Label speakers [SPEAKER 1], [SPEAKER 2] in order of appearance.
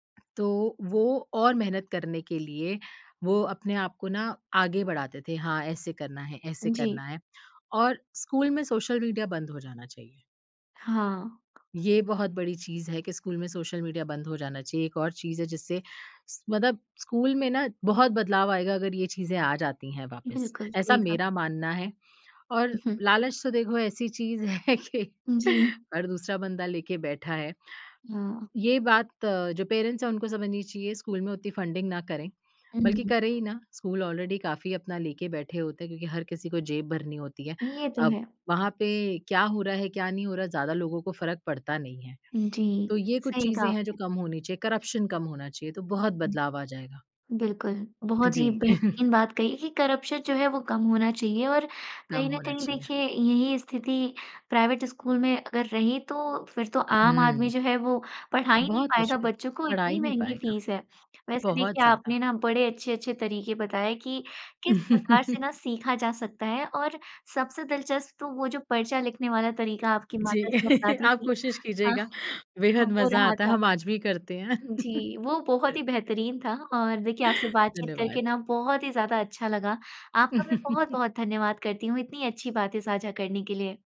[SPEAKER 1] तो वो और मेहनत करने के लिए, वो अपने आपको ना आगे बढ़ाते थे। हाँ, ऐसे करना है ऐसे
[SPEAKER 2] जी।
[SPEAKER 1] करना है और स्कूल में सोशल मीडिया बंद हो जाना चाहिए।
[SPEAKER 2] हाँ।
[SPEAKER 1] ये बहुत बड़ी चीज़ है कि स्कूल में सोशल मीडिया बंद हो जाना चाहिए। एक और चीज़ है जिससे स मतलब स्कूल में ना बहुत बदलाव आएगा अगर ये चीज़ें आ जाती हैं वापिस।
[SPEAKER 2] बिल्कुल,
[SPEAKER 1] ऐसा
[SPEAKER 2] सही कहा।
[SPEAKER 1] मेरा मानना है और
[SPEAKER 2] उहुँ।
[SPEAKER 1] लालच तो देखो ऐसी चीज़ है कि
[SPEAKER 2] उ जी।
[SPEAKER 1] हर दूसरा बंदा लेके बैठा है।
[SPEAKER 2] हाँ।
[SPEAKER 1] ये बात अ, जो पेरेंट्स हैं उनको समझनी चाहिए, स्कूल में उतनी फ़ंडिंग ना करें, बल्कि
[SPEAKER 2] हुँ।
[SPEAKER 1] करे ही ना, स्कूल ऑलरेडी काफ़ी अपना लेके बैठे होते हैं क्योंकि हर किसी को जेब भरनी होती है।
[SPEAKER 2] ये तो
[SPEAKER 1] अब
[SPEAKER 2] है।
[SPEAKER 1] वहाँ पे क्या हो रहा है, क्या नहीं हो रहा है, ज़्यादा लोगों को फ़र्क़ पड़ता नहीं है।
[SPEAKER 2] जी।
[SPEAKER 1] तो ये कुछ
[SPEAKER 2] सही कहा
[SPEAKER 1] चीज़ें हैं जो
[SPEAKER 2] आपने।
[SPEAKER 1] कम होनी चाहिए, करप्शन कम होना चाहिए, तो बहुत बदलाव आ जाएगा।
[SPEAKER 2] बिल्कुल, बहुत ही
[SPEAKER 1] जी।
[SPEAKER 2] बेहतरीन बात कही कि करप्शन जो है वो कम होना चाहिए और
[SPEAKER 1] कम
[SPEAKER 2] कहीं न
[SPEAKER 1] होना
[SPEAKER 2] कहीं
[SPEAKER 1] चाहिए।
[SPEAKER 2] देखिए, यही स्थिति प्राइवेट स्कूल में अगर रही तो, फिर तो आम आदमी
[SPEAKER 1] हुँ।
[SPEAKER 2] जो है वो पढ़ा ही नहीं
[SPEAKER 1] बहुत
[SPEAKER 2] पाएगा
[SPEAKER 1] मुश्किल,
[SPEAKER 2] बच्चों को,
[SPEAKER 1] पढ़ा ही
[SPEAKER 2] इतनी
[SPEAKER 1] नहीं
[SPEAKER 2] महँगी
[SPEAKER 1] पाएगा।
[SPEAKER 2] फ़ीस है। वैसे
[SPEAKER 1] बहुत
[SPEAKER 2] देखिए,
[SPEAKER 1] ज़्यादा।
[SPEAKER 2] आपने ना बड़े अच्छे-अच्छे तरीके बताए कि किस प्रकार से ना सीखा जा सकता है और सबसे दिलचस्प तो वो जो पर्चा लिखने वाला तरीका आपकी माता जी
[SPEAKER 1] जी,
[SPEAKER 2] अपनाती
[SPEAKER 1] आप
[SPEAKER 2] थी।
[SPEAKER 1] कोशिश
[SPEAKER 2] हाँ,
[SPEAKER 1] कीजिएगा, बेहद
[SPEAKER 2] वो
[SPEAKER 1] मज़ा
[SPEAKER 2] रहा
[SPEAKER 1] आता है
[SPEAKER 2] था।
[SPEAKER 1] हम आज भी करते हैं।
[SPEAKER 2] जी, वो बहुत ही बेहतरीन था और देखिए आपसे बातचीत करके
[SPEAKER 1] धन्यवाद।
[SPEAKER 2] ना, बहुत ही ज़्यादा अच्छा लगा। आपका भी बहुत-बहुत धन्यवाद करती हूँ इतनी अच्छी बातें साझा करने के लिए।